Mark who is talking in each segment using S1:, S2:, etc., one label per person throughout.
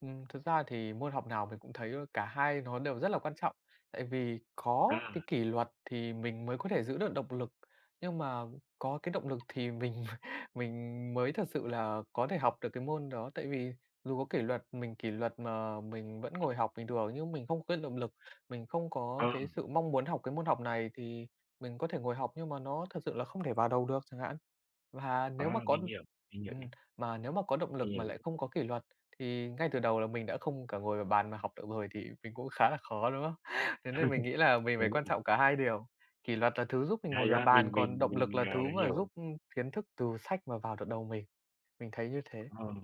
S1: Ừm, thực ra thì môn học nào mình cũng thấy cả hai nó đều rất là quan trọng, tại vì có cái
S2: À.
S1: kỷ luật thì mình mới có thể giữ được động lực, nhưng mà có cái động lực thì mình m mình mới thật sự là có thể học được cái môn đó. Tại vì dù có kỷ luật mình kỷ luật mà mình vẫn ngồi học bình thường nhưng mình không cái động lực, mình không có
S2: Ờ.
S1: cái sự mong muốn học cái môn học này, thì mình có thể ngồi học nhưng mà nó thật sự là không thể vào đầu được chẳng hạn. Và nếu mà
S2: À,
S1: có
S2: mình hiểu, mình hiểu
S1: ừm,
S2: ý.
S1: mà nếu mà có động
S2: Mình
S1: lực mà
S2: hiểu ý.
S1: lại không có kỷ luật thì ngay từ đầu là mình đã không cả ngồi vào bàn mà học được rồi, thì mình cũng khá là khó, đúng không? Thế nên mình nghĩ là mình phải
S2: Đúng
S1: quan
S2: rồi.
S1: trọng cả hai điều, kỷ luật là thứ giúp mình ngồi
S2: Hay
S1: vào
S2: quá,
S1: bàn,
S2: mình
S1: còn
S2: mình
S1: động lực
S2: mình,
S1: là
S2: à,
S1: thứ mà giúp,
S2: hiểu.
S1: ưm, kiến thức từ sách mà vào được đầu mình. Mình thấy như thế.
S2: Ờ,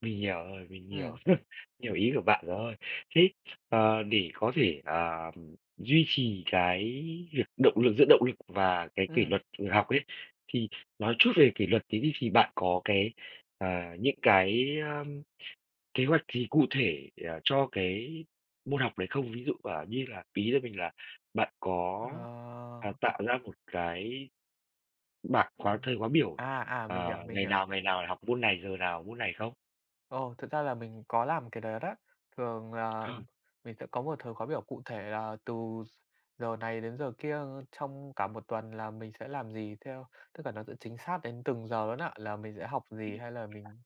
S2: mình hiểu rồi, mình hiểu,
S1: Ừm.
S2: hiểu ý của bạn rồi, thế, ờ, để có thể, à, duy trì cái việc động lực giữ động lực và cái kỷ
S1: Ừm.
S2: luật học ấy, thì nói chút về kỷ luật tí đi, thì bạn có cái, à, những cái, a, kế hoạch gì cụ thể, à, cho cái môn học đấy không? Ví dụ, à, như là ý [unintelligible] mình là bạn có, à,
S1: Ờ.
S2: tạo ra một cái bạc
S1: Ờ.
S2: khóa thời khóa biểu,
S1: À, à, mình hiểu,
S2: ờ,
S1: mình
S2: ngày
S1: hiểu.
S2: nào, ngày nào học môn này, giờ nào môn này không?
S1: Ồ, thực ra là mình có làm cái đó đó, thường là
S2: Ờ.
S1: mình sẽ có một thời khóa biểu cụ thể là từ gi giờ này đến giờ kia trong cả một tuần là mình sẽ làm gì theo tức là nó sẽ chính xác đến từng giờ luôn á, là mình sẽ học gì hay là
S2: [unintelligible]
S1: mình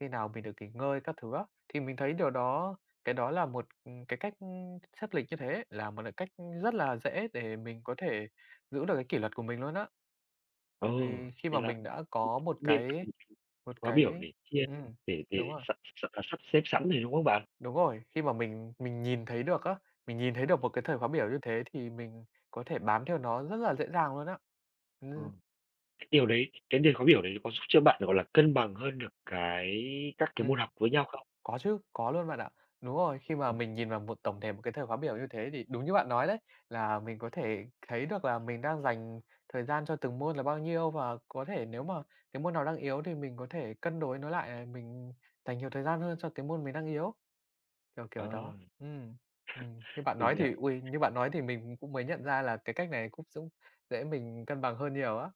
S1: khi nào mình được nghỉ ngơi các thứ á. Thì mình thấy điều đó cái đó là một, ừm, cái cách ưm, sắp lịch như thế là một cái cách, ưm, rất là dễ để mình có thể giữ được cái kỷ luật của mình luôn á,
S2: Ờ,
S1: tại vì khi mà
S2: nên là
S1: mình
S2: [unintelligible]
S1: đã có
S2: cũng
S1: một
S2: nên
S1: cái
S2: [unintelligible]
S1: một
S2: khóa biểu
S1: cái
S2: để chia
S1: ừm,
S2: để
S1: đúng
S2: để
S1: rồi.
S2: s s sắp xếp sẵn này, đúng không bạn?
S1: Đúng rồi, khi mà mình mình nhìn thấy được á, mình nhìn thấy được một cái thời khóa biểu như thế thì mình có thể bám theo nó rất là dễ dàng luôn á,
S2: Ờ,
S1: ừm.
S2: cái điều đấy cái điều khóa biểu đấy có giúp cho bạn, gọi là, cân bằng hơn được cái các cái môn
S1: Ừm,
S2: học với nhau không?
S1: có chứ, có luôn bạn ạ, đúng rồi, khi mà
S2: Ừm.
S1: mình nhìn vào một tổng thể một cái thời khóa biểu như thế thì đúng như bạn nói đấy, là mình có thể thấy được là mình đang dành thời gian cho từng môn là bao nhiêu, và có thể nếu mà cái môn nào đang yếu thì mình có thể cân đối nó lại, ờ, mình dành nhiều thời gian hơn cho cái môn mình đang yếu, kiểu, kiểu
S2: Ờ.
S1: đó. Ừm, ừm, như bạn
S2: Mình
S1: nói
S2: hiểu
S1: thì uầy,
S2: rồi.
S1: như bạn nói thì mình cũng mới nhận ra là cái cách này cũng giúp dễ mình cân bằng hơn nhiều á.